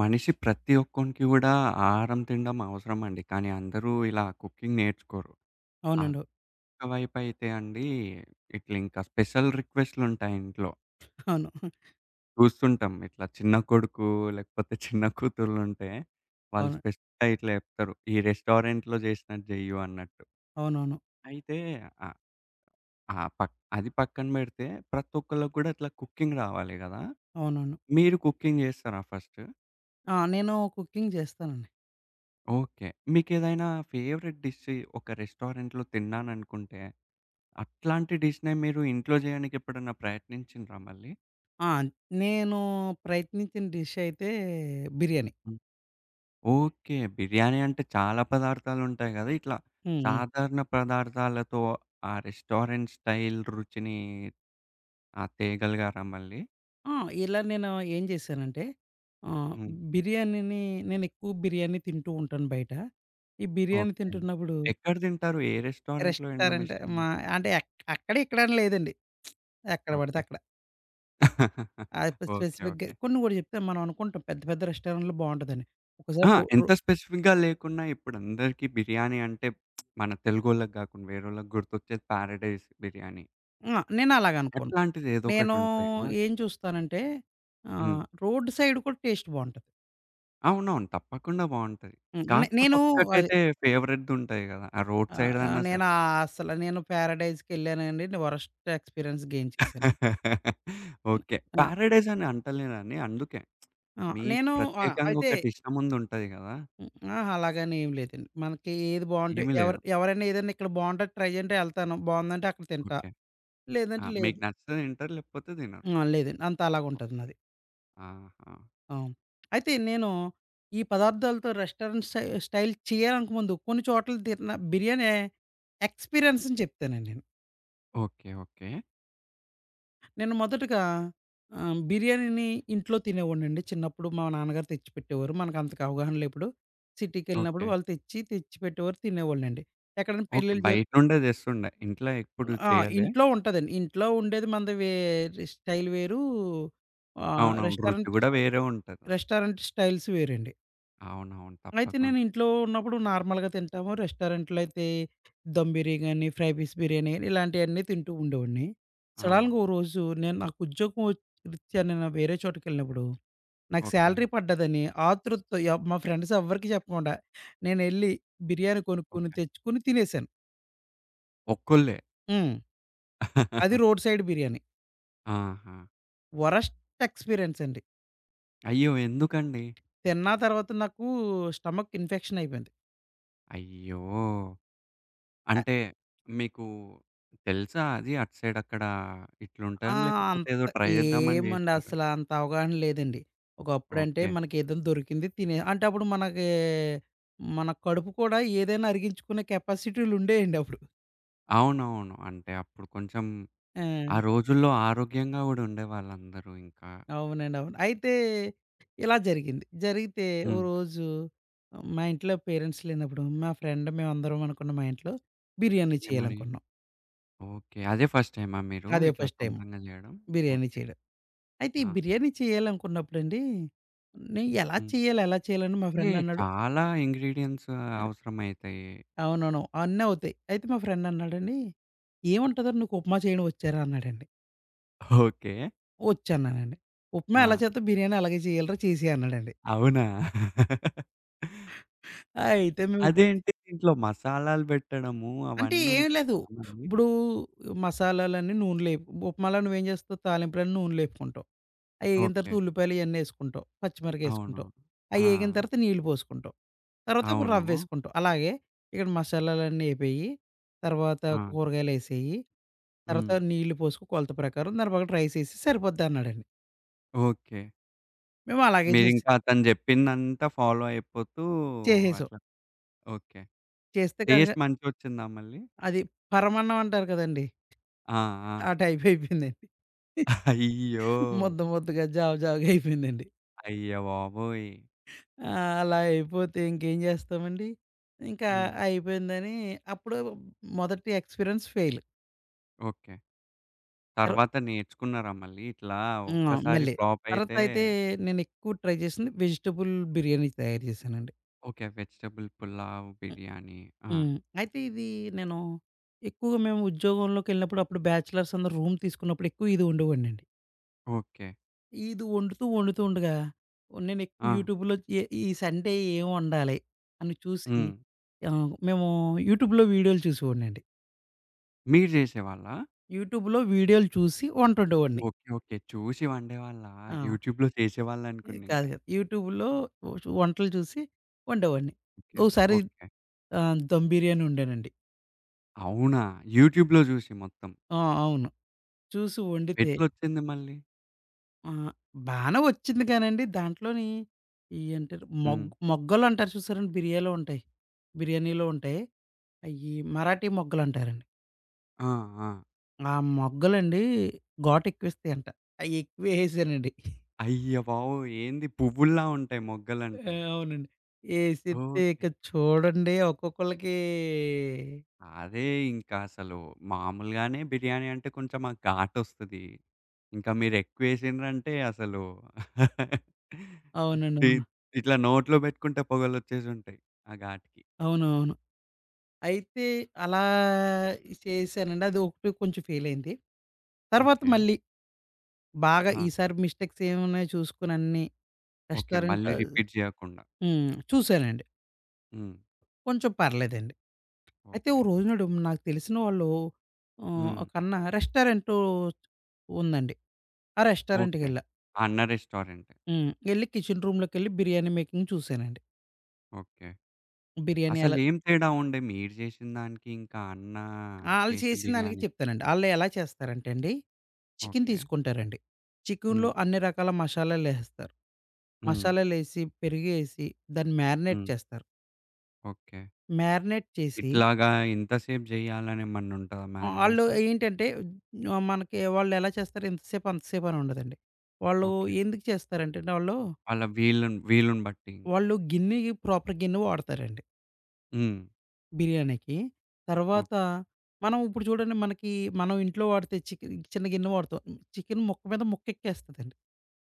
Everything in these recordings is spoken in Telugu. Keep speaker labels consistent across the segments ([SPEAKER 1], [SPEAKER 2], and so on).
[SPEAKER 1] మనిషి ప్రతి ఒక్కనికి కూడా, ఆహారం తినడం అవసరమండి. కానీ, అందరూ ఇలా, కుకింగ్ నేర్చుకోరు. అక్
[SPEAKER 2] అవునండి.
[SPEAKER 1] ఒకవైపైతే అండి, ఇట్లింకా స్పెషల్ రిక్వెస్టులుంటాయి ఇంట్లో.
[SPEAKER 2] అవును.
[SPEAKER 1] చూస్తుంటాం. ఇట్లా చిన్న కొడుకు, లేకపోతే చిన్న కూతుర్లుంటే, వాళ్ళు
[SPEAKER 2] అవును.
[SPEAKER 1] స్పెస్టయి ఇట్లా చేప్తరు. ఈ రెస్టారెంట్‌లో జేసినట్టు జేయ్యు అన్నట్టు.
[SPEAKER 2] అవునవును.
[SPEAKER 1] అయితే, ఆ ఆ! పక్ అది పక్కన పెడితే, ప్రతి ఒక్కళ్ళకి కూడా, ఇట్లా కుకింగ్ రావాలి గదా!
[SPEAKER 2] అవునవును.
[SPEAKER 1] మీరు కుకింగ్ జేస్తారా ఫస్ట్?
[SPEAKER 2] ఆ! నేను కుకింగ్ జేస్తానండి.
[SPEAKER 1] ఓకే. మీకేదైనా ఫేవరెట్ డిష్ ఒక రెస్టారెంట్‌లో తిన్నాననుకుంటే, అట్లాంటి డిష్‌నే మీరు ఇంట్లో జేయనికెప్పుడైనా ప్రయత్నించిండ్రా మళ్ళీ?
[SPEAKER 2] ఆ! నేను, ప్రయత్నించిన డిషయితే, బిర్యానీ.
[SPEAKER 1] హ్మ్. ఓకే. బిర్యానీ అంటే, చాలా పదార్థాలుంటాయి గదా! ఇట్లా.
[SPEAKER 2] హ్మ్. హ్మ్.
[SPEAKER 1] సాధారణ పదార్ధాలతో ఆ రెస్టారెంట్ స్టైల్ రుచిని ఆ! తేగలిగారా మళ్ళీ?
[SPEAKER 2] ఆ! ఇలా నేను ఏం చేశానంటే, ఆహ్,
[SPEAKER 1] హ్మ్.
[SPEAKER 2] బిర్యానీని నేనెక్కువ బిర్యానీ తింటూంటాను బయట. ఈ బిర్యానీ
[SPEAKER 1] ఓకే.
[SPEAKER 2] తింటున్నప్పుడు
[SPEAKER 1] ఎక్కడ తింటారు? ఏ రెస్టారెంట్‌లో
[SPEAKER 2] రెస్టారెంట్
[SPEAKER 1] ఎమిష్టం మీకు?
[SPEAKER 2] మా అంటే, ఎక్ అక్కడిక్కడని లేదండి. ఎక్కడ పడితే
[SPEAKER 1] ఓకే.
[SPEAKER 2] అక్కడ. ఆ యొక్క
[SPEAKER 1] ఓకే.
[SPEAKER 2] స్పెసిఫిక్‌గా
[SPEAKER 1] ఓకే.
[SPEAKER 2] కొన్ని కూడా చెప్తే, మనం అనుకుంటాం. పెద్ద పెద్ద రెస్టారెంట్‌లో బావుంటదని. ఒకసారి
[SPEAKER 1] అహ!
[SPEAKER 2] రు రు
[SPEAKER 1] ఎంత స్పెసిఫిక్‌గా లేకున్నా ఇప్పుడందరికీ బిర్యానీ అంటే, మన తెలుగోళ్ళకి గాకుండా, వేరోళ్ళకి గుర్తొచ్చేది, 'ప్యారడైస్ బిర్యానీ.'
[SPEAKER 2] హ్మ్. ఆ! నేను అలాగనుకోను.
[SPEAKER 1] ఎట్లాంటిది ఏదో
[SPEAKER 2] నేను
[SPEAKER 1] ఒకటుంటాయి గదా!
[SPEAKER 2] ఏం చూస్తానంటే,
[SPEAKER 1] హ్మ్.
[SPEAKER 2] ఆహ్, రోడ్డు సైడ్ కూడా టేస్ట్ బావుంటది.
[SPEAKER 1] అవునవును. తప్పకుండా బావుంటది.
[SPEAKER 2] హ్మ్. నే
[SPEAKER 1] కాకపోతే
[SPEAKER 2] నేను అది
[SPEAKER 1] ఒక్కటైతే ఫేవరెట్‌దుంటాయి కదా! ఆ రోడ్
[SPEAKER 2] ఆ!
[SPEAKER 1] సైడ్‌దన్నా
[SPEAKER 2] ఆహ్,
[SPEAKER 1] అన్నా సరే.
[SPEAKER 2] నేనాసల నేను పారడైజకెళ్ళానండి. నేను వరస్ట్ ఎక్స్పీరియన్స్ గెయిన్ చేసాను. హ్మ్.
[SPEAKER 1] ఓకే.
[SPEAKER 2] ఆ!
[SPEAKER 1] ప్యారడైసని అంటలేనని అందుకే.
[SPEAKER 2] ఆ!
[SPEAKER 1] మీకు
[SPEAKER 2] నేను ఆ!
[SPEAKER 1] ప్రత్యేకంగా
[SPEAKER 2] అయితే
[SPEAKER 1] ఒకటి ఇష్టముంది ఉంటది గదా!
[SPEAKER 2] హ్మ్. ఆ! అలాగానే ఏం లేదండి. మనకి ఏది బావుంటె
[SPEAKER 1] ఏమి
[SPEAKER 2] ఎవర్
[SPEAKER 1] లేవు.
[SPEAKER 2] ఎవరన్నా, ఏదన్నా ఇక్కడ బావుంటె అది ట్రై జేయంటే యెళ్తాను. బావుందంటే అక్కడ తింటా.
[SPEAKER 1] ఓకే. ఆ!
[SPEAKER 2] లేదంటే
[SPEAKER 1] మీకు
[SPEAKER 2] లేదు.
[SPEAKER 1] నచ్చితే తింటరు లేకపోతే తినరు.
[SPEAKER 2] ఆ! లేదండి. అంత అలాగా ఉంటది నాది.
[SPEAKER 1] ఆహా!
[SPEAKER 2] అవును. అయితే నేను ఈ పదార్థాలతో రెస్టారెంట్ స్టై స్టైల్ చేయాలనుకో ముందు, కొన్ని చోట్లలు తిన్న బిర్యాని ఎక్స్‌పీరియన్స్‌ని చెప్తానండి నేను.
[SPEAKER 1] ఓకే. ఓకే.
[SPEAKER 2] నేను మొదటగా ఆహ్, బిర్యానీని ఇంట్లో తినేవాడినండి. చిన్నప్పుడు మా నాన్నగారు తెచ్చిపెట్టేవారు. మనకంతకు అవగాహనలేప్పుడు సిటీకెళ్ళినప్పుడు
[SPEAKER 1] ఓకే.
[SPEAKER 2] వాళ్ళు తెచ్చి తెచ్చి పెట్టేవారు తినేవాన్నండి. ఎక్కడైనా
[SPEAKER 1] ఓకే.
[SPEAKER 2] పెళ్ళిళ్ళ జరు
[SPEAKER 1] బయట నుండే తెస్తుండే. ఇంట్లో ఎప్పుడు
[SPEAKER 2] ఆ!
[SPEAKER 1] చేయలే?
[SPEAKER 2] ఇంట్లో ఉంటదండి. ఇంట్లో ఉండేది మనది వేరి స్టైల్ వేరు. ఆహ్,
[SPEAKER 1] అవునవును. రుచి
[SPEAKER 2] రెస్టారెంట్
[SPEAKER 1] కూడా
[SPEAKER 2] చ
[SPEAKER 1] వేరే ఉంటది అసలు.
[SPEAKER 2] రెస్టారెంట్ స్టైల్స్ వేరండి.
[SPEAKER 1] అవునవును.
[SPEAKER 2] అయితే నేను
[SPEAKER 1] తప్పకుండా.
[SPEAKER 2] ఇంట్లో ఉన్నప్పుడు నార్మల్‌గా తింటాము. రెస్టారెంట్‌లో అయితే దమ్ బిరి గాని, ఫ్రై పీస్ బిర్యానీ గాని ఇలాంటియన్నీ తింటూ ఉండేవాడిని.
[SPEAKER 1] ఆ!
[SPEAKER 2] సడెన్‌గ ఓ రోజు నేను నాకు ఉద్యోగం వచ్ రిత్యా నేను వేరే చోటకెళ్ళినప్పుడు. నాకు
[SPEAKER 1] ఓకే.
[SPEAKER 2] శాలరీ పడ్డదని, ఆతృతతో ఎవ్ మా ఫ్రెండ్సెవ్వరికీ చెప్పకుండా, నేనెళ్ళి బిర్యానీ కొనుక్కొని
[SPEAKER 1] ఓకే.
[SPEAKER 2] తెచ్చుకొని తినేసాను.
[SPEAKER 1] ఒక్కోళ్ళే.
[SPEAKER 2] హ్మ్. అది రోడ్ సైడ్ బిర్యానీ.
[SPEAKER 1] ఆహా!
[SPEAKER 2] వరస్ట్ ఎక్స్పీరియన్స్ అండి.
[SPEAKER 1] అయ్యో! ఎందుకండి?
[SPEAKER 2] తిన్న తర్వాత నాకు స్టమక్ ఇన్ఫెక్షన్ అయిపోయింది.
[SPEAKER 1] అయ్యో!
[SPEAKER 2] అ
[SPEAKER 1] అంటే, మీకు తెలుసా అది అటు సైడ్ అక్కడ
[SPEAKER 2] ఆ!
[SPEAKER 1] ఇట్లుంటదని లేకపోతే ఏదో
[SPEAKER 2] అంత
[SPEAKER 1] ట్రై జేద్దామని
[SPEAKER 2] ఏమండి
[SPEAKER 1] జేసారా?
[SPEAKER 2] అసలు అంత అవగాహన లేదండి. ఒకప్పుడంటే
[SPEAKER 1] ఓకే.
[SPEAKER 2] మనక ఏదైనా దొరికింది తినే అంటే అప్పుడు మనకి మన కడుపు కూడా ఏదైనా అరిగించుకునే కెపాసిటీలు ఉండేయండి అప్పుడు.
[SPEAKER 1] అవునవును. అంటే అప్పుడు కొంచెం ఆ
[SPEAKER 2] ఆ!
[SPEAKER 1] రోజుల్లో ఆరోగ్యంగా గూడా ఉండేవాళ్ళందరూ ఇంకా.
[SPEAKER 2] అవునండి. అవును. అయితే. ఇలా జరిగింది. జరిగితే ఓ
[SPEAKER 1] హ్మ్.
[SPEAKER 2] రోజు మా ఇంట్లో పేరెంట్స్ లేనప్పుడు మా ఫ్రెండ్ మేమందరం అనుకున్నం మా ఇంట్లో బిర్యానీ
[SPEAKER 1] ఏమని?
[SPEAKER 2] చేయాలనుకున్నాం.
[SPEAKER 1] ఓకే. అదే ఫస్ట్ టైమా మీరు?
[SPEAKER 2] అదే
[SPEAKER 1] ఇట్లా
[SPEAKER 2] ఫస్ట్ టైము.
[SPEAKER 1] సొంతంగా జేయడం?
[SPEAKER 2] బిర్యానీ
[SPEAKER 1] ఓకే.
[SPEAKER 2] చేయడం. అయితే ఈ
[SPEAKER 1] ఆ!
[SPEAKER 2] బిర్యానీ చేయాలనుకున్నప్పుడండి. నే ఎలా
[SPEAKER 1] హ్మ్.
[SPEAKER 2] చేయాలి? ఎలా చేయాలని మా
[SPEAKER 1] హే!
[SPEAKER 2] ఫ్రెండ్ అన్నాడు?
[SPEAKER 1] చాలా ఇంగ్రీడియెంట్స్
[SPEAKER 2] అ
[SPEAKER 1] అవసరమైతాయి.
[SPEAKER 2] అవునవును. అవన్నీ అవుతాయి. అయితే మా ఫ్రెండ్ అన్నాడండి. ఏముంటద నీకు ఉప్మా చేయండి వచ్చారా అన్నాడండి?
[SPEAKER 1] ఓకే.
[SPEAKER 2] ఒచ్చన్నానండి. ఉప్మ ఎలా
[SPEAKER 1] ఆ!
[SPEAKER 2] చేతాం బిర్యానీ అలాగే చేయాలిరా చేసేయి అన్నాడండి.
[SPEAKER 1] అవునా?
[SPEAKER 2] అయితే మేం
[SPEAKER 1] అదేంటి దీంట్లో మసాలాలు పెట్టడము
[SPEAKER 2] అంటే
[SPEAKER 1] అవన్నీ
[SPEAKER 2] ఏమి లేదు. ఇప్పుడు మసాలాలన్నీ నూనెలో ఏపు ఉప్మాాల నువ్వేం జేస్తావు తాలింపులన్నీ నూనెలో ఎపుకుంటావు. అయి
[SPEAKER 1] ఓకే.
[SPEAKER 2] ఏగింతర్వాత ఉల్లిపాయలు ఇయన్నీ ఎసుకుంటావు.
[SPEAKER 1] అవును.
[SPEAKER 2] పచ్చిమిరగాయేసుకుంటాం.
[SPEAKER 1] ఆ!
[SPEAKER 2] అయ్యేగింతర్వాత నీళ్ళు పోసుకుంటాం. తర్వాత ఒక
[SPEAKER 1] అవును.
[SPEAKER 2] రవ్వేసుకుంటావు. అలాగే. ఇక్కడ మసాలాలన్నీ అయిపోయి. తర్వాత
[SPEAKER 1] ఆ!
[SPEAKER 2] కూరగాయలెసేయి. తర్వాత
[SPEAKER 1] హ్మ్.
[SPEAKER 2] నీళ్ళు పోసుకొ కొలత ప్రకారం. దాని ప్రకారం రైస్ ఎసెసేయి సరిపోద్దన్నాడండి.
[SPEAKER 1] ఓకే.
[SPEAKER 2] మేము అలాగే చేసాం.
[SPEAKER 1] మీరింకా అతను జెప్పిందంతా ఫాలో అయిపోతూ
[SPEAKER 2] చేసేశావు.
[SPEAKER 1] అట్లా ఓకే.
[SPEAKER 2] చేస్తే గనక
[SPEAKER 1] టేస్ట్ మంచిగొచ్చిందా మళ్ళీ?
[SPEAKER 2] అది పరమాన్నం అంటారు కదండి!
[SPEAKER 1] ఆ!
[SPEAKER 2] ఆ
[SPEAKER 1] ఆ!
[SPEAKER 2] టైప్ అయిపోయిందండి.
[SPEAKER 1] అయ్యో!
[SPEAKER 2] ముద్ద ముద్దగా జావ జావగా అయిపోయిందండి.
[SPEAKER 1] అయ్య బాబోయ్!
[SPEAKER 2] ఆ! అలా అయిపోతే ఇంకేం చేస్తామండి? ఇంకా
[SPEAKER 1] హ్మ్.
[SPEAKER 2] అయిపోయిందని అప్పుడు మొదటి ఎక్స్‌పీరియన్స్ ఫెయిల్.
[SPEAKER 1] ఓకే.
[SPEAKER 2] తరు
[SPEAKER 1] తర్వాత నేర్చుకున్నారా మళ్ళీ? ఇట్లా
[SPEAKER 2] హ్మ్!
[SPEAKER 1] ఒక్కసారి
[SPEAKER 2] మళ్ళీ.
[SPEAKER 1] ఫ్లాప్
[SPEAKER 2] తర్వాత
[SPEAKER 1] అయితే
[SPEAKER 2] అయితే నేనెక్కువ ట్రై జేసింది. వెజిటబుల్ బిర్యానీ తయారు చేశానండి.
[SPEAKER 1] ఓకే. వెజిటబుల్ పులావ్,
[SPEAKER 2] హ్మ్,
[SPEAKER 1] బిర్యానీ. ఆ!
[SPEAKER 2] హ్మ్. అయితే ఇది నేను ఎక్కువగా మేము ఉద్యోగంలోకిెళ్ళినప్పుడు అప్పుడు బ్యాచలర్స్ అందరు రూమ్ తీసుకున్నప్పుడు ఎక్కువ ఇది వండేవాడినండి.
[SPEAKER 1] ఓకే.
[SPEAKER 2] ఇది వండుతూ వండుతూ ఉండగా, నేను ఎక్కువ
[SPEAKER 1] ఆ!
[SPEAKER 2] యూట్యూబ్‌లో ఎ ఈ సండే ఏమి వండాలి? అని చూసి
[SPEAKER 1] హ్మ్.
[SPEAKER 2] ఆహ్, మేము యూట్యూబ్‌లో వీడియోలు చూసేవాడినండి.
[SPEAKER 1] మీరు జేసేవాళ్ళా?
[SPEAKER 2] యూట్యూబ్‌లో వీడియోలు చూసి వంటొండేవాడిని.
[SPEAKER 1] ఓకే. ఓకే. చూసి వండేవాళ్ళా
[SPEAKER 2] ఆ!
[SPEAKER 1] యూట్యూబ్‌లో
[SPEAKER 2] ఏ
[SPEAKER 1] చేసేవాళ్ళనుకున్న
[SPEAKER 2] కాదు,
[SPEAKER 1] ఇంకా.
[SPEAKER 2] కాదు. యూట్యూబ్‌లో వు వంటలు చూసి ఉండెవాడిని.
[SPEAKER 1] ఓకె.
[SPEAKER 2] Oh sorry
[SPEAKER 1] okay.
[SPEAKER 2] ఆహ్, దమ్ బిర్యానీ వొండానండి.
[SPEAKER 1] అవునా యూట్యూబ్‌లో జూసి మొత్తం.
[SPEAKER 2] ఆ! అవును. చూసి వండితే
[SPEAKER 1] ఎట్లొచ్చింది మళ్ళీ?
[SPEAKER 2] ఆ! బానే వచ్చిందిగానండి, దాంట్లోని ఏంటారు మొగ్
[SPEAKER 1] హ్మ్.
[SPEAKER 2] మొగ్గలు అంటారు చూసారండి? బిర్యాలో ఉంటాయి. బిర్యానీలో ఉంటాయి. అయ్యి మరాఠీ మొగ్గలు అంటారండి.
[SPEAKER 1] ఆ! ఆ!
[SPEAKER 2] ఆ మొగ్గలండి ఘోటెక్కువేస్తాయంట. అయెక్కువేసేసానండి.
[SPEAKER 1] అయ్య బాబోయి! ఏంది పువ్వుల్లా ఉంటాయి
[SPEAKER 2] ఆ!
[SPEAKER 1] మొగ్గలంటే.
[SPEAKER 2] అవునండి. ఏసితే
[SPEAKER 1] ఓకే.
[SPEAKER 2] ఇక చూడండి ఒక్కొక్కళ్ళకి
[SPEAKER 1] అదే, ఇంకా అసలు మామూలుగానే బిర్యానీ అంటే కొంచెం ఆ ఘాటొస్తది. ఇంకా మీరు ఎక్కువేసిన్రంటే అసలు
[SPEAKER 2] అవునండి. అవును.
[SPEAKER 1] తీత్ ఇట్లా నోట్లో పెట్టుకుంటే పొగలు వచ్చేసుంటయి ఆ ఘాటుకి.
[SPEAKER 2] అవును, అవును. అయితే అలా చేశానండి. అదొకటి కొంచెం ఫెయిల్ అయింది. తర్వాత
[SPEAKER 1] ఓకే.
[SPEAKER 2] మళ్ళీ, బాగా
[SPEAKER 1] ఆ!
[SPEAKER 2] ఈసారి మిస్టేక్స్ ఏమేమున్నాయి చూసుకోని అన్ని,
[SPEAKER 1] ఓకే.
[SPEAKER 2] రెస్టారెంట్
[SPEAKER 1] మళ్ళీ రిపీట్ చేయకుండా.
[SPEAKER 2] హ్మ్. చూసానండి.
[SPEAKER 1] హ్మ్.
[SPEAKER 2] కొంచెం పర్లేదండి. అయితే ఓ
[SPEAKER 1] ఓకే.
[SPEAKER 2] రోజునాడు నాకు తెలిసిన వాళ్ళు, ఆహ్,
[SPEAKER 1] హ్మ్.
[SPEAKER 2] ఒకన్న రెస్టారెంటు ఉందండి. ఆ
[SPEAKER 1] ఓకే.
[SPEAKER 2] రెస్టారెంటుకెళ్ళా.
[SPEAKER 1] అన్న రెస్టారెంట్.
[SPEAKER 2] హ్మ్. వెళ్లి కిచెన్ రూమ్‌లో కెళ్ళి బిర్యానీ మేకింగ్ చూశానండి.
[SPEAKER 1] ఓకే.
[SPEAKER 2] బిర్యానీ
[SPEAKER 1] అసలు
[SPEAKER 2] ఎలా
[SPEAKER 1] ఏం తేడా ఉండె. మీరు చేసిన దానికి, ఇంకా అన్నా
[SPEAKER 2] ఆళ్ళు
[SPEAKER 1] చేసే
[SPEAKER 2] చేసిన దానినికి
[SPEAKER 1] బిర్యానీకి?
[SPEAKER 2] చెప్తానండి. ఆళ్ళు ఎలా చేస్తారంటే అండి, చికెను
[SPEAKER 1] ఓకే.
[SPEAKER 2] తీసుకుంటారండి. చికెనులో
[SPEAKER 1] హ్మ్.
[SPEAKER 2] అన్ని రకాల మషాలాలు లేహెస్తారు.
[SPEAKER 1] హ్మ్.
[SPEAKER 2] మసాలాలేసి, పెరిగేసి, దాన్ని మారినేట్
[SPEAKER 1] హ్మ్.
[SPEAKER 2] చేస్తారు.
[SPEAKER 1] ఓకే.
[SPEAKER 2] మ్యారినేట్ చేసి
[SPEAKER 1] ఇట్లాగా ఇంతసేపు జేయాలనేమన్నా ఉంటదా,
[SPEAKER 2] ఆ! వళ్ళు
[SPEAKER 1] మారినేషన్?
[SPEAKER 2] ఏంటంటే ఆహ్, మనకి వాళ్ళేలా చేస్తారు. ఇంతసేపు అంతసేపు అని ఉండదండి. వాళ్ళు
[SPEAKER 1] ఓకే.
[SPEAKER 2] ఎందుకు చేస్తారంటేండి ఆళ్ళు
[SPEAKER 1] ఆళ్ళ వీళ్ళను వీలుని బట్టి ఇంక.
[SPEAKER 2] వాళ్ళు గిన్నికి ప్రాపర్ గిన్ని వాడతారండి.
[SPEAKER 1] హ్మ్.
[SPEAKER 2] బిర్యానీకి. తర్వాత
[SPEAKER 1] ఓకే.
[SPEAKER 2] మనం ఇప్పుడు చూడండి, మనకి మనం ఇంట్లో వాడితే చికెను చిన్న గిన్నె వాడతాం. చికెను ముక్క మీద ముక్క ఎక్కేస్తదండి.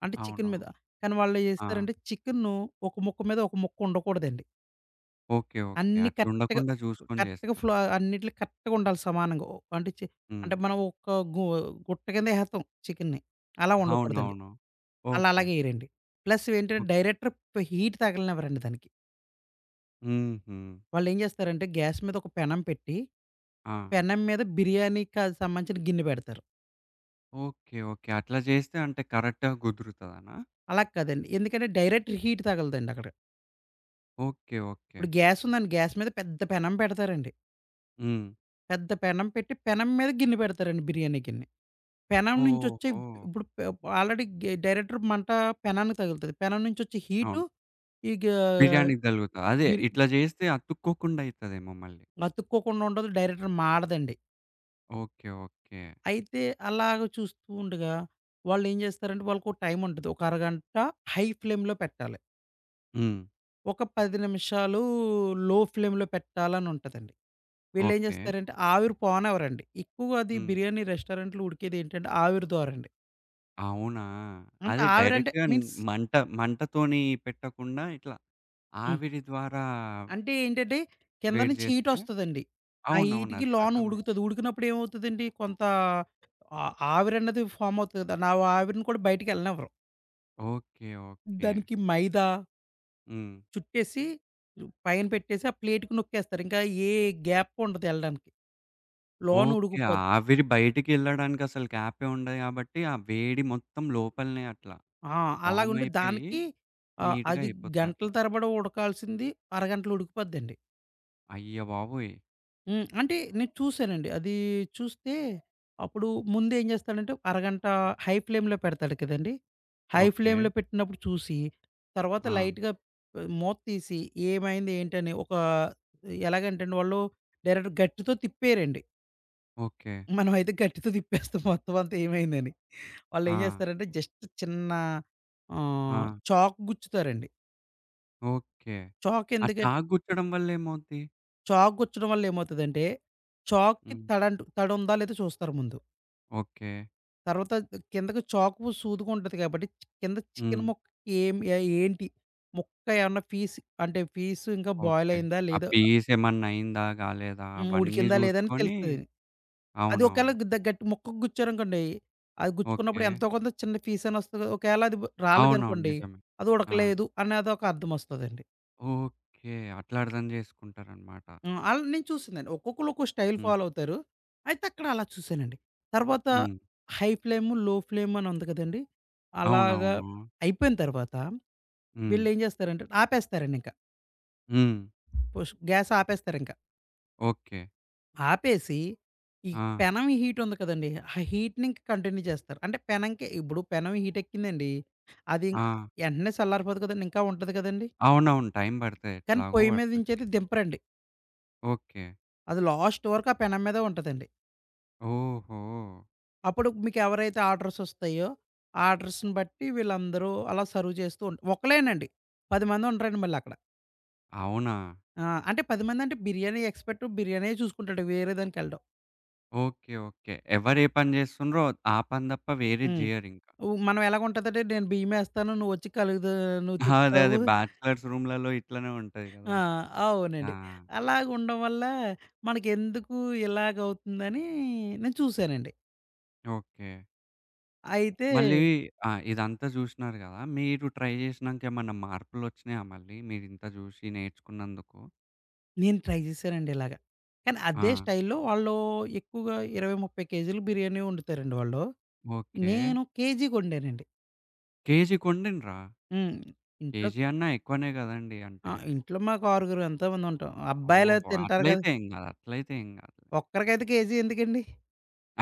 [SPEAKER 2] అంటే
[SPEAKER 1] అవును.
[SPEAKER 2] చికెన్ మీద కానీ, వాళ్ళు ఏ
[SPEAKER 1] ఆ!
[SPEAKER 2] చేస్తారంటే చికెను ఒక ముక్క మీద ఒక ముక్క ఉండకూడదండి.
[SPEAKER 1] ఓకే. ఓకే.
[SPEAKER 2] అన్ని
[SPEAKER 1] అట్లు
[SPEAKER 2] కరెక్ట్‌గా
[SPEAKER 1] ఉండకుండా జూసుకొని
[SPEAKER 2] కరెక్ట్‌గా
[SPEAKER 1] జేస్తారు.
[SPEAKER 2] ఫ్లో అన్నిట్లి కరెక్ట్‌గా ఉండాలి సమానంగా. ఓ అంటే చే
[SPEAKER 1] హ్మ్.
[SPEAKER 2] అంటే మనం ఒక గు గుట్ట కింద ఏహెతాం చికెన్ని. అలా ఉండకూడదండి.
[SPEAKER 1] అవునవును.
[SPEAKER 2] అళ్ళ
[SPEAKER 1] ఓకే.
[SPEAKER 2] అలాగేయరండి. ప్లస్ ఏంటంటే,
[SPEAKER 1] ఓహ్!
[SPEAKER 2] డైరెక్టర్ హీట్ తాగలేనేవరండి దానికి.
[SPEAKER 1] హుహు.
[SPEAKER 2] వాళ్ళేం చేస్తారంటే గ్యాస్ మీద ఒక పెనం పెట్టి,
[SPEAKER 1] ఆ!
[SPEAKER 2] పెనం మీద బిర్యానీ కాని సంబంధించిన గిన్నె పెడతారు.
[SPEAKER 1] ఓకే. ఓకే. అట్లా చేస్తే, అంటే కరెక్ట్‌గా కుదురుతదనా?
[SPEAKER 2] అలా కాదండి. ఎందుకంటే, డైరెక్ట్ హీట్ తగగలదండి అక్కడ.
[SPEAKER 1] ఓకే.
[SPEAKER 2] ఇప్పుడు
[SPEAKER 1] ఓకే.
[SPEAKER 2] గ్యాస్ ఉందండి. గ్యాస్ మీద పెద్ద పెనం పెడతారండి.
[SPEAKER 1] హ్మ్.
[SPEAKER 2] పెద్ద పెనం పెట్టి, పెనం మీద గిన్నె పెడతారండి బిర్యానీ గిన్ని. పెనం నుంచి వచ్చే ఇప్
[SPEAKER 1] ఓహో!
[SPEAKER 2] ఇప్పుడు పె ఆల్రెడీ గె డైరెక్టర్ మంట పెనాన్నికి తగులుతది. పెనం నుంచి వచ్చే హీటు.
[SPEAKER 1] అవును.
[SPEAKER 2] ఇగా,
[SPEAKER 1] బిర్యానీకి తలుగుతా. అదే,
[SPEAKER 2] మీరు
[SPEAKER 1] ఇట్లా చేస్తే అతుక్కోకుండా అయితదేమో మళ్ళీ.
[SPEAKER 2] అతుక్కోకుండా ఉండదు. డైరెక్టర్ మాడదండి.
[SPEAKER 1] ఓకే. ఓకే.
[SPEAKER 2] అయితే అలాగ చూస్తూ ఉండగా, వాళ్ళేం చేస్తారంటే, వాళ్ళకో టైం ఉంటది. ఒక అరగంట హై ఫ్లేమ్‌లో పెట్టాలి.
[SPEAKER 1] హ్మ్.
[SPEAKER 2] ఒక 10 నిమిషాలు లో ఫ్లేమ్‌లో పెట్టాలని ఉంటదండి. వీళ్ళేం
[SPEAKER 1] ఓకే.
[SPEAKER 2] చేస్తారంటే, ఆవిరి పోనివరండి. ఎక్కువగా అది
[SPEAKER 1] హ్మ్.
[SPEAKER 2] బిర్యానీ రెస్టారెంట్‌లో ఉడికేది ఏంటంటే ఆవిరి ద్వారండి.
[SPEAKER 1] అవునా!
[SPEAKER 2] అంటే
[SPEAKER 1] అది
[SPEAKER 2] ఆవిరంటే
[SPEAKER 1] డైరెక్ట్‌గా
[SPEAKER 2] మీన్స్
[SPEAKER 1] మంట మంటతోని పెట్టకుండా, ఇట్లా
[SPEAKER 2] హ్మ్.
[SPEAKER 1] ఆవిరి ద్వారా...
[SPEAKER 2] అంటే ఏంటంటే, కింద
[SPEAKER 1] వేడి
[SPEAKER 2] నుంచి హీట్
[SPEAKER 1] చేస్తే
[SPEAKER 2] వస్తదండి. ఆ
[SPEAKER 1] అవునవును
[SPEAKER 2] హీట్‌కి
[SPEAKER 1] అది
[SPEAKER 2] లోన
[SPEAKER 1] అర్థమైంది.
[SPEAKER 2] ఉడుగుతది. ఉడికినప్పుడు ఏమవుతదండి, కొంత ఆహ్, ఆవిరన్నది ఫామ్ అవుతుది కదా! నా ఆవిరిని కూడా బయటికెళ్ళనేవ్వరు.
[SPEAKER 1] ఓకే. ఓకే.
[SPEAKER 2] దానికి మైదా
[SPEAKER 1] హ్మ్.
[SPEAKER 2] చుట్టేసి, పైన పెట్టేసి, ఆ ప్లేట్‍కి నొక్కేస్తారు. ఇంకా, ఏ గ్యాపు ఉండదు ఎళ్ళడానికి, లోన
[SPEAKER 1] ఓకే,
[SPEAKER 2] ఉడికుపోద్
[SPEAKER 1] ఆవిరి బయటికెళ్ళడానికి అసలు గ్యాప్పే ఉండదు కాబట్టి, ఆ వేడి మొత్తం లోపలనే అట్లా.
[SPEAKER 2] ఆ!
[SPEAKER 1] ఫామ్
[SPEAKER 2] అలాగుండి
[SPEAKER 1] అయిపోయి,
[SPEAKER 2] దానికి, ఆహ్,
[SPEAKER 1] నీట్‌గా
[SPEAKER 2] అది గంటల
[SPEAKER 1] అయిపోతది.
[SPEAKER 2] తరబడి ఉడకాల్సింది. అరగంటలో ఉడికుపోద్దండి.
[SPEAKER 1] అయ్య బాబోయ్!
[SPEAKER 2] హ్మ్. అంటే నేను చూసానండి. అదీ చూస్తే, అప్పుడు ముందేం చేస్తాడంటే, అరగంట హై ఫ్లేమ్‌లో పెడతాడు కదండీ! High
[SPEAKER 1] okay.
[SPEAKER 2] ఫ్లేమ్‌లో పెట్టినప్పుడు చూసి, తర్వాత
[SPEAKER 1] ఆ!
[SPEAKER 2] లైట్‍గా మూత్తీసి ఏమైంది, ఏంటని ఒక ఎలాగంటేండి వాళ్ళు, డైరెక్ట్‌గా గరిటితో తిప్పేరండి.
[SPEAKER 1] ఓకే.
[SPEAKER 2] మనమైతే గరిటితో తిప్పేస్తాం, మొత్తం అంతా ఏమైందని. వాళ్ళు ఏం
[SPEAKER 1] ఆ!
[SPEAKER 2] చేస్తారంటే జస్ట్ చిన్న, ఆహ్,
[SPEAKER 1] ఆ!
[SPEAKER 2] చాకు గుచ్చుతారండి.
[SPEAKER 1] ఓకే.
[SPEAKER 2] చాకు
[SPEAKER 1] ఆ
[SPEAKER 2] ఎందుకం
[SPEAKER 1] చాకు గుచ్చడం వల్ల ఏమవుద్ది?
[SPEAKER 2] చాకు గుచ్చడం వల్ల ఏమవుతదంటే, చాక్కి
[SPEAKER 1] హ్మ్.
[SPEAKER 2] తడంటు తడి ఉందా? లేదా చూస్తారు ముందు.
[SPEAKER 1] ఓకే.
[SPEAKER 2] తర్వాత ఆహ్, కిందకి చాకు సూదిగా ఉంటది కాబట్టి, చ్ కింద చికెన్
[SPEAKER 1] హ్మ్.
[SPEAKER 2] ముక్కకి ఏం య ఏంటి? ముక్క ఏమన్నా, పీస్ అంటే, పీస్ ఇంకా బొయిల్
[SPEAKER 1] ఓకే.
[SPEAKER 2] అయిందా
[SPEAKER 1] ఆ
[SPEAKER 2] లేదా?
[SPEAKER 1] పీస్ ఏమన్నా అయిందా? గాలేదా,
[SPEAKER 2] హ్మ్.
[SPEAKER 1] అవన్నీ
[SPEAKER 2] ఉడికిందా? లేదా? అని
[SPEAKER 1] చూసుకోని
[SPEAKER 2] తెలుత్తది. అది ఒకేళ
[SPEAKER 1] అవునవును.
[SPEAKER 2] గ ద గట్టి ముక్కకి గుచ్చారనుకోండి. అది గుచ్చుకున్నప్పుడు
[SPEAKER 1] ఓకే.
[SPEAKER 2] ఎంతో కొంత చిన్న పీస్ అన్నా వస్తది కదా! ఒకేళ అది
[SPEAKER 1] అవునవును.
[SPEAKER 2] రాలేదనుకోండి.
[SPEAKER 1] నిజమే.
[SPEAKER 2] అది
[SPEAKER 1] ఆ!
[SPEAKER 2] ఉడకలేదు అనేదొక అర్థమొస్తదండి.
[SPEAKER 1] ఓకే. అట్లా అర్థం చేసుకుంటారనమాట.
[SPEAKER 2] హ్మ్. అళ్ళ నేను చూసిందండి. ఒక్కొక్కళ్ళు ఒక్క స్టైల్
[SPEAKER 1] హ్మ్.
[SPEAKER 2] ఫాలో అవుతారు. అయితే అక్కడ అలా చూసానండి. తర్వాత
[SPEAKER 1] హ్మ్.
[SPEAKER 2] హై ఫ్లేము, లో ఫ్లేమ్ అని ఉంది కదండీ! అలాగా.
[SPEAKER 1] అవునవును.
[SPEAKER 2] అయిపోయిన తర్వాత
[SPEAKER 1] హ్మ్.
[SPEAKER 2] వీళ్ళేం చేస్తారంటే, ఆపేస్తారండి ఇంక.
[SPEAKER 1] హ్మ్.
[SPEAKER 2] పుష్ గ్యాస్ ఆపేస్తారుంకా.
[SPEAKER 1] ఓకే.
[SPEAKER 2] ఆపేసి, ఈ
[SPEAKER 1] ఆ!
[SPEAKER 2] పెనం హీట్ ఉంది కదండీ. ఆ హీట్‌ని ఇంకా కంటిన్యూ చేస్తారు. అంటే పెనంకి ఇప్పుడు పెనమి హీట్ ఎక్కిందండి, అది ఇంకా
[SPEAKER 1] ఆ!
[SPEAKER 2] ఎంటనే సల్లారిపోదు కదండీ! ఇంకా ఉంటది కదండీ!
[SPEAKER 1] అవునవును. టైం పడతాయి.
[SPEAKER 2] కానీ
[SPEAKER 1] ఎట్లాగో
[SPEAKER 2] పొయ్యి మీద
[SPEAKER 1] పడతది.
[SPEAKER 2] నుంచేది దింపరండి.
[SPEAKER 1] ఓకే.
[SPEAKER 2] అది లాస్ట్ వరకు ఆ పెనం మీదే ఉంటదండి.
[SPEAKER 1] ఓహో!
[SPEAKER 2] అప్పుడు మీకెవరైతే ఆర్డర్స్ వస్తాయో, ఆర్డర్స్‌ని బట్టి వీళ్ళందరూ అలా సర్వ్ చేస్తూ ఉంటా ఒకళ్లేనండి. 10 మంది ఉండరండి మళ్ళీ అక్కడ.
[SPEAKER 1] అవునా!
[SPEAKER 2] ఆ! అంటే 10 మందంటే, బిర్యానీ ఎక్స్పర్ట్ బిర్యానీయే చూసుకుంటాడు వేరే దానికేళ్ళడు.
[SPEAKER 1] ఓకే. ఓకే. ఎవరు ఏ పని చేేస్తుండ్రో, ఆ పని తప్ప వేరేది
[SPEAKER 2] హ్మ్.
[SPEAKER 1] జేయరింకా.
[SPEAKER 2] ఉ మనం ఎలాగుంటదంటే, నేను బియ్యం ఏస్తాను, నువ్వొచ్చి కలుగుతా నువ్వు
[SPEAKER 1] ఆ! అదే,
[SPEAKER 2] తిప్పుతావు.
[SPEAKER 1] అదే. బ్యాచ్లర్స్ రూములలో ఇట్లనే ఉంటది కదా!
[SPEAKER 2] ఆ!
[SPEAKER 1] ఆ!
[SPEAKER 2] అవునండి. అలాగా ఉండడం వల్ల, మనకెందుకు ఇలాగవుతుందని నేను చూసానండి.
[SPEAKER 1] ఓకే.
[SPEAKER 2] అయితే
[SPEAKER 1] మళ్ళీ ఆహ్, ఇదంతా చూషినారు కదా! మీరు ట్రై చేసినాంకేమన్నా మార్పులొచ్చినాయా మళ్ళీ? మీరింత చూషి నేర్చుకున్నందుకు?
[SPEAKER 2] నేను ట్రై చేసానండి ఇలాగ. కానీ, అదే
[SPEAKER 1] ఆ!
[SPEAKER 2] స్టైల్‌లో వాళ్ళు ఎక్కువగా 20, 30 కేజీలు బిర్యానీ వండుతారండి వాళ్ళు.
[SPEAKER 1] ఓకే.
[SPEAKER 2] నేను కేజీ కొండానండి.
[SPEAKER 1] కేజీ కొన్నిండ్ర?
[SPEAKER 2] హ్మ్. ఇంట్లో
[SPEAKER 1] కేజీ అన్నా ఎక్కువనే కదండీ!
[SPEAKER 2] ఆ!
[SPEAKER 1] అంటే
[SPEAKER 2] ఇంట్లో మాకు ఆరుగురం ఎంతోమంది ఉంటాం,
[SPEAKER 1] ఓహో!
[SPEAKER 2] అబ్బాయిలయితే తింటారు కదా!
[SPEAKER 1] అట్లైతే ఏం కాదు. అట్లైతే ఏం కాదు.
[SPEAKER 2] ఒక్కరికైతే కేజీ ఎందుకండి?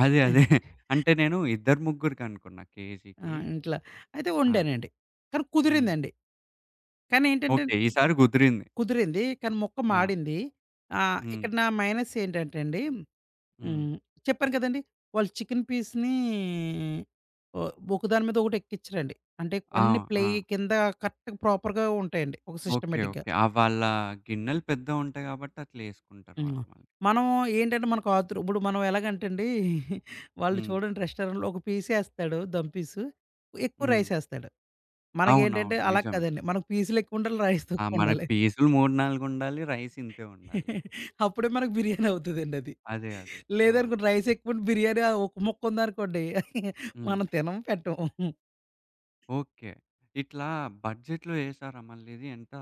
[SPEAKER 1] అదే
[SPEAKER 2] ఆ!
[SPEAKER 1] అదే. అంటే నేను ఇద్దరు, ముగ్గురికనుకున్నా
[SPEAKER 2] ఆ!
[SPEAKER 1] కేజీకి.
[SPEAKER 2] ఇంట్లా. అయితే
[SPEAKER 1] ఆ!
[SPEAKER 2] వండానండి. కానీ,
[SPEAKER 1] హ్మ్.
[SPEAKER 2] కుదిరిందండి. కానీ, ఏంటంటన్
[SPEAKER 1] ఓకే. ఈసారి కుదిరింది.
[SPEAKER 2] కుదిరింది. కానీ మొక్కం
[SPEAKER 1] ఆ!
[SPEAKER 2] మాడింది. ఆహ్,
[SPEAKER 1] హ్మ్.
[SPEAKER 2] ఇక్కడ నా మైనస్ ఏంటంటే అండి,
[SPEAKER 1] హ్మ్.
[SPEAKER 2] హ్మ్. చెప్పాను కదండీ! వాళ్ళ చికెను పీసుని, ఓ ఒక దాని మీద ఒకటి ఎక్కిచ్చరండి. అంటే కొన్ని
[SPEAKER 1] ఆవ్
[SPEAKER 2] ప్లేయ్
[SPEAKER 1] ఆ!
[SPEAKER 2] కింద కరెక్ట్‌గా ప్రాపర్‌గా ఉంటాయండి. ఒక
[SPEAKER 1] ఓకే.
[SPEAKER 2] సిస్టమేటిక్‌గా.
[SPEAKER 1] ఓకే. ఆ వాళ్ళ గిన్నెలు పెద్దవుంటాయి కాబట్టి, అట్లేసుకుంటారు
[SPEAKER 2] హ్మ్.
[SPEAKER 1] వాళ్ళు మళ్ళీ.
[SPEAKER 2] మనం ఏంటంటే, మనకు ఆతురు ఇప్పుడు మనం ఎలాగంటండి, వాళ్ళు
[SPEAKER 1] హ్మ్.
[SPEAKER 2] చూడండి రెస్టారెంట్‌లో, ఒక పీసేస్తాడు. దమ్ పీసు. ఎక్కువ
[SPEAKER 1] హ్మ్.
[SPEAKER 2] రైసేస్తాడు. మనకేంటంటే,
[SPEAKER 1] అవునవును.
[SPEAKER 2] అలా
[SPEAKER 1] నిజమే.
[SPEAKER 2] కాదండి. మనకు పీసులెక్కువుండాలి. రైస్
[SPEAKER 1] ఆ! మనకి
[SPEAKER 2] తక్కువుండాలి.
[SPEAKER 1] పీసులు 3, 4 ఉండాలి. రైస్ ఇంతే ఉండాలి.
[SPEAKER 2] అప్పుడే మనకు బిర్యానీ అవుతదండది.
[SPEAKER 1] అదే అదే. ఆ!
[SPEAKER 2] లేదనుకోండి, రైస్ ఎక్కువుండి బిర్యానీ ఆ ఒక్క ముక్క ఉందనుకోండి,
[SPEAKER 1] హ్మ్.
[SPEAKER 2] మనం తినం, పెట్టం.
[SPEAKER 1] ఓకే. ఇట్లా బడ్జెట్‌లో జేసారా మళ్ళీ ఇది? ఎంత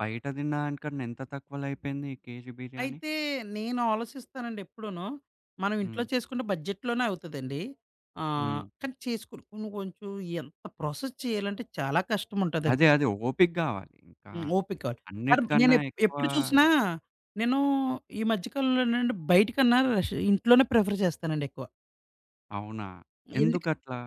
[SPEAKER 1] బయట తిన్న దానికన్న ఎంత తక్కువలో అయిపోయింది ఈ కేజీ బిర్యానీ?
[SPEAKER 2] అయితే నేను ఆలోసిస్తానండి ఎప్పుడునూ, మనం ఇంట్లో
[SPEAKER 1] హ్మ్.
[SPEAKER 2] చేసుకుంటే బడ్జెట్‌లోనే అవుతదండి. ఆహ్,
[SPEAKER 1] హ్మ్.
[SPEAKER 2] కానీ చేసుకొని కొన్ని కొంచెం ఎంత ప్రాసెస్ చేయాలంటే చాలా కష్టముంటాదండి.
[SPEAKER 1] అదే అది ఓపిక గావాలి. ఇంకా
[SPEAKER 2] హ్మ్. ఓపికా. కానీ, నేను
[SPEAKER 1] అన్నిటికన్నా
[SPEAKER 2] ఎప్
[SPEAKER 1] ఎక్కువా
[SPEAKER 2] ఎప్పుడు చూసినా, నేనూ ఈ మధ్య కాలంలో నేటంటే, బయటికన్నా రష్ ఇంట్లోనే ప్రిఫర్ చేస్తానండి ఎక్కువ.
[SPEAKER 1] అవునా!
[SPEAKER 2] ఎందుకు
[SPEAKER 1] ఎందుకట్లా?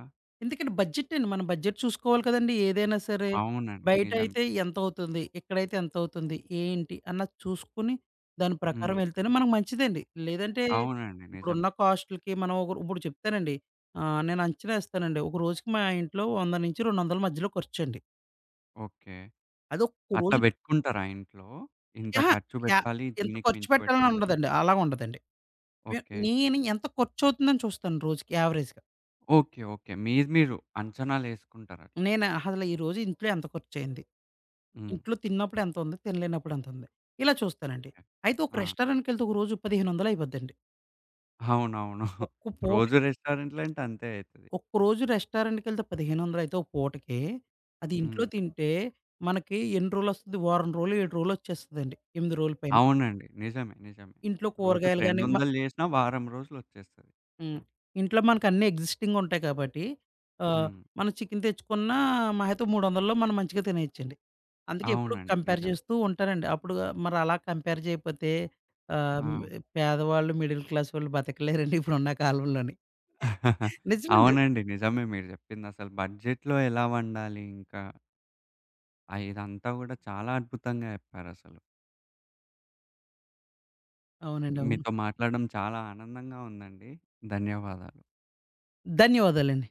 [SPEAKER 2] ఎందుకంటే, బడ్జెట్టండి. మనం బడ్జెట్ చూసుకోవాలి కదండీ! ఏదైనా సరే.
[SPEAKER 1] అవునండి. నిజమే.
[SPEAKER 2] బయటయితే ఎంతవుతుంది? ఇక్కడైతే ఎంతవుతుంది? ఏంటి? అన్నది చూసుకొని, దాని
[SPEAKER 1] హ్మ్.
[SPEAKER 2] ప్రకారం వెళ్తేనే మనకు మంచిదండి. లేదంటే
[SPEAKER 1] అవునండి. నిజమే.
[SPEAKER 2] ఇప్పుడున్న కాస్టులుకి మనం ఒకరు ఇప్పుడు చెప్తానండి. ఆహ్, నేనంచనా ఏస్తానండి. ఒక రోజుకి మా ఇంట్లో 100-200 మధ్యలో ఖర్చండి.
[SPEAKER 1] ఓకే.
[SPEAKER 2] అదొక్క
[SPEAKER 1] అట్లా
[SPEAKER 2] రోజు
[SPEAKER 1] పెట్టుకుంటారా ఇంట్లో? ఇంత
[SPEAKER 2] అహా!
[SPEAKER 1] ఖర్చు
[SPEAKER 2] యాహ్!
[SPEAKER 1] పెట్టాలి?
[SPEAKER 2] ఇంత
[SPEAKER 1] దీనికి
[SPEAKER 2] ఖర్చు
[SPEAKER 1] మించి
[SPEAKER 2] పెట్టాలని
[SPEAKER 1] పెట్టద్దని?
[SPEAKER 2] ఉండదండి. అలాగుండదండి. నే
[SPEAKER 1] ఓకే.
[SPEAKER 2] నేను ఎంత ఖర్చవుతుందని చూస్తాను రోజుకి యావరేజ్‌గా.
[SPEAKER 1] ఓకే. ఓకే. మీరు మీరు అంచనాలేసుకుంటారట్లా?
[SPEAKER 2] నేను అహ ద ఈ రోజు ఇంట్లో ఎంత ఖర్చయింది.
[SPEAKER 1] హ్మ్.
[SPEAKER 2] ఇంట్లో తిన్నప్పుడెంతుంది? తినలేనప్పుడెంతుంది? ఇలా చూస్తానండి.
[SPEAKER 1] ఓకే.
[SPEAKER 2] అయితే ఒక
[SPEAKER 1] ఆ!
[SPEAKER 2] రెస్టారెంట్‌కెళ్తే ఒక రోజుకి పదిహేనొందలైపోద్దండి.
[SPEAKER 1] అవునవును.
[SPEAKER 2] ఒక్క
[SPEAKER 1] రోజు
[SPEAKER 2] పూటకి
[SPEAKER 1] రెస్టారెంట్‌లో అంటే అంతే అయితది.
[SPEAKER 2] ఒక్క రోజు రెస్టారెంట్‌కెళ్తే పదిహేనొందలైతే ఒక పూటకి, అది ఇంట్లో
[SPEAKER 1] హ్మ్.
[SPEAKER 2] తింటే, మనకి ఎన్ని రోజులొస్తది? వారం రోలు, 7 రోజులొచ్చేస్తదండి. 8 రోల పైన.
[SPEAKER 1] అవునండి. నిజమే, నిజమే.
[SPEAKER 2] ఇంట్లో
[SPEAKER 1] రోజుకి
[SPEAKER 2] కూరగాయలు గాని మ
[SPEAKER 1] 200 చేసినా వారం రోజులొచ్చేస్తది.
[SPEAKER 2] హ్మ్. ఇంట్లో మనకన్ని ఎగ్జిస్టింగుంటాయి కాబట్టి, ఆహ్,
[SPEAKER 1] హ్మ్.
[SPEAKER 2] మనం చికెన్ తెచ్చుకున్న మాహా అయితే, 300లో మనం మంచిగా తినేయొచ్చండి. అందుకే ఎప్పుడు
[SPEAKER 1] అవునండి.
[SPEAKER 2] కంపేర్
[SPEAKER 1] నిజమే.
[SPEAKER 2] చేస్తూ ఉంటానండి. అప్పుడు మరలా కంపేర్ చేయపోతే, ఆహ్, హ్మ్
[SPEAKER 1] ఆ!
[SPEAKER 2] పేదవాళ్ళు, మిడిల్ క్లాస్ వాళ్ళు బతకలేరండి ఇప్పుడున్న కాలంలోని. నిజమండి.
[SPEAKER 1] అవునండి. నిజమే మీరు చెప్పిందసలు బడ్జెట్‌లో ఎలా వండాలి ఇంకా? ఆ! ఇదంతా కూడా చాలా అద్భుతంగా చెప్పారసలు.
[SPEAKER 2] అవునండి. అవును.
[SPEAKER 1] మీతో మాట్లాడడం చాలా ఆనందంగా ఉందండి. ధన్యవాదాలు.
[SPEAKER 2] ధన్యవాదాలండి.